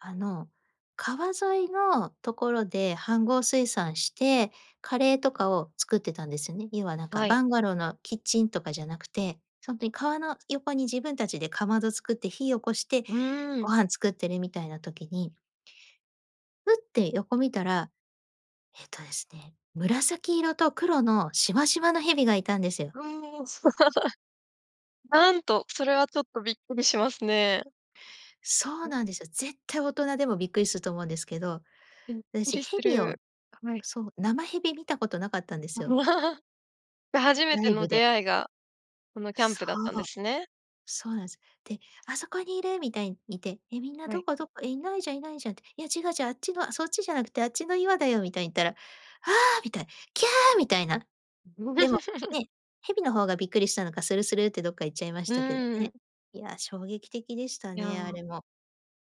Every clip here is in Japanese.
あの、川沿いのところで飯盒炊爨して、カレーとかを作ってたんですよね。要はなんかはい。バンガローのキッチンとかじゃなくて、ほんとに川の横に自分たちでかまど作って、火起こして、うーん。ご飯作ってるみたいな時にフッて、横見たら、えっとですね、紫色と黒のしわしわの蛇がいたんですよ。うーん。なんと、それはちょっとびっくりしますね。そう なんですよ。絶対大人でもびっくりすると思うんですけど、びっく私、りす蛇をる。はい。そう、生蛇見たことなかったんですよ。で、初めラてイのブで。出会いが、このキャンそプだったんでう。すね。そうなんです。で、「あそこにいる」みたいに言って、みんな、は「どい。こどこ？いないじゃんいないじゃん」って。「いや違う違う。あっちの、そっちじゃなくてあっちの岩だよ」みたいに言ったら、「ああ！」みたいな、「きゃあ！」みたいな。でも ね、蛇の方がびっくりしたのか、スルスルってどっか行っちゃいましうたけどーね。ん。いや、衝撃的でしたいや、なね、あれも。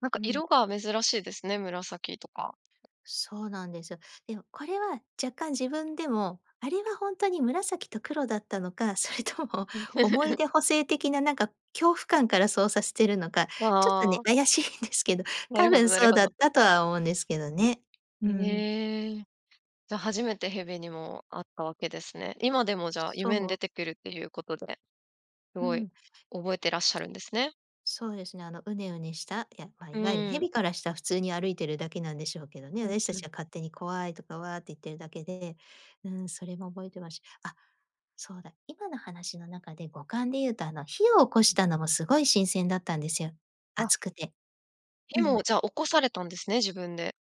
んかうん。色が珍しいですね、紫とか。そうなんですよ。でもこれは若干自分でも、あれはほんとに紫と黒だったのか、それとも思い 出補正的な、なんか恐怖感から操作しているのか、ちょっとあね、あ。怪しいんですけど、なる多ほど分なるそうほだっど。たとは思うんですけどね。うん。ええ。じゃあ、初めて蛇にも会ったわけですね。今でも、じゃあ、そ夢に出う。てくるっていうことで、すうごいん。覚えてらっしゃるんですね。そうですね。あのうねうねしたまあ、ういわゆるーん。蛇からした普通に歩いているだけなんでしょうけどね、うん私たうちん。が勝手に怖いとか、わって言ってるだけで、うん、それも覚えてます。あ、そうだ、今の話の中で五感で言うと、あの、火を起こしたのもすごい新鮮だったんですよ。あ。熱くて。うでも、ん。じゃあ、起こされたんですね、自分で。